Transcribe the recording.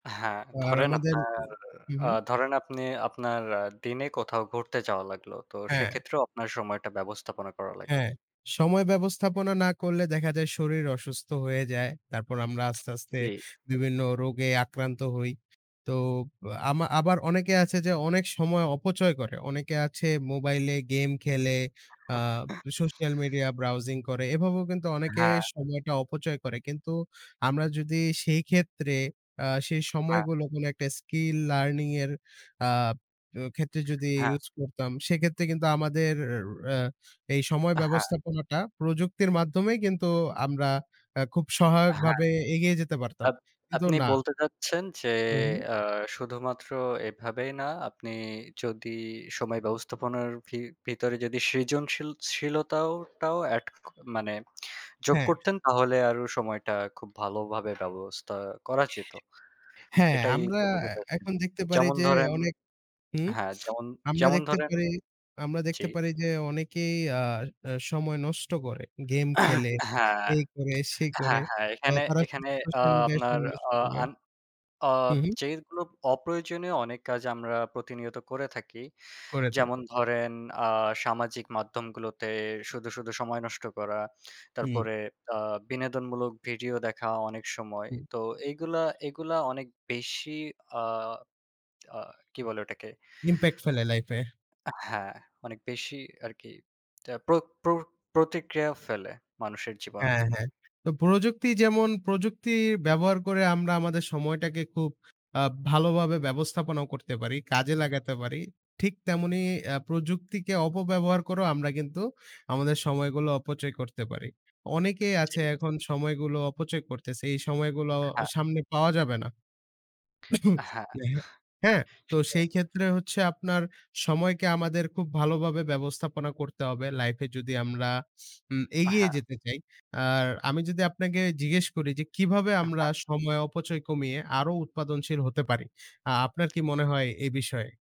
হ্যাঁ, আর ধরেন আমাদের আপনার উ হু, আ হুম। ধরেন আপনি আপনার দিনে কোথাও ঘুরতে যাওয়া লাগলো, তো হ্যা। সেক্ষেত্রেও আপনার সময়টা ব্যবস্থাপনা করা লাগে। হ্যাঁ, সময় ব্যবস্থাপনা না করলে দেখা যায় শরীর অসুস্থ হয়ে যায়, তারপর আমরা আস্তে, আস্তে জি। বিভিন্ন রোগে আক্রান্ত হই। তো অব আমা আবার অনেকে আছে যে অনেক সময় অপচয় করে, অনেকে আছে মোবাইলে গেম খেলে, আ social media browsing করে এভাবেও কিন্তু অনেকে হ্যাঁ। সময়টা অপচয় করে। কিন্তু আমরা যদি সেই ক্ষেত্রে আ সেই হ্যাঁ। সময়গুলো কোন একটা skill learning এর আব এ ক্ষেত্রে যদি হ্যাঁ। use করতাম, সেক্ষেত্রে কিন্তু আমাদের র আ এই সময় আ হ্যাঁ। ব্যবস্থাপনাটা প্রযুক্তির মাধ্যমেই কিন্তু আমরা আ খুব আ হ্যা। সহায়কভাবে এগিয়ে যেতে পারতাম। কিন্তু আপ-আপনি না বলতে চাচ্ছেন যে হুম। আ শুধুমাত্র এভাবেই না, আপনি যদি সময় ব্যবস্থাপনার ভি-ভিতরে যদি সৃজনশীল শীলতাও টাও অ্যাড মানে যোগ হ্যাঁ। করতেন তাহলে আরও সময়টা খুব ভালোভাবে ব্যবস্থা করা যেত, হ্যাঁ, এটাই আমরা তো বোঝাতে চাচ্ছেন? এখন দেখতে পারি যেমন যে ধরেন, অনেক হুম, হ্যা, যেমন, আমরা যেমন দেখতে ধরেন পারি আমরা জি। দেখতে পারি যে অনেকেই আর আ সময় নষ্ট করে গেম খেলে, হ্যাঁ। এই করে, সেই করে। হ্যাঁ, হ্যাঁ, এ এখানে, তারা এখানে আ social media-য় আপনার সময় নষ্ট আ করে। আন আ হুম, হুম। যেইগুলো অপ্রয়োজনীয় অনেক কাজ আমরা প্রতিনিয়ত করে থাকি। করে যেমন থাকে। ধরেন আ সামাজিক মাধ্যমগুলোতে শুধু, শুধু সময় নষ্ট করা, হুম। তারপরে আ বিনোদনমূলক ভিডিও দেখা অনেক সময়। হুম। তো এইগুলা এইগুলা অনেক বেশি আ আ কি বলে ওটাকে? impact ফেলে life এ। এ হ্যাঁ, অনেক বেশি আর কি, প্র প্র প্রতিক্রিয়া ফেলে মানুষের জীবনে। হ্যাঁ, হ্যাঁ। তো প্রযুক্তি যেমন প্রযুক্তির ব্যবহার করে আমরা আমাদের সময়টাকে খুব আ ভালোভাবে ব্যবস্থাপনাও করতে পারি, কাজে লাগাতে পারি, ঠিক তেমনি আ প্রযুক্তিকে অপব্যবহার করেও আমরা কিন্তু আমাদের সময়গুলো অপচয় করতে পারি। অনেকেই জি। আছে এখন সময়গুলো অপচয় করতেছে, এই সময়গুলো হ্যাঁ। সামনে পাওয়া যাবে না। আ হ্যাঁ। এহে হ্যাঁ, তো আসলে সেই ক্ষেত্রে হচ্ছে আপনার সময়কে আমাদের খুব ভালোভাবে ব্যবস্থাপনা করতে হবে life এ যদি আমরা উম আ এগিয়ে হ্যাঁ। যেতে চাই। আর আমি যদি আপনাকে জিজ্ঞেস করি যে, কিভাবে আমরা হ্যাঁ। সময় অপচয় কমিয়ে আরও উৎপাদনশীল হতে পারি? আ আপনার কি মনে হয় এ বিষয়ে?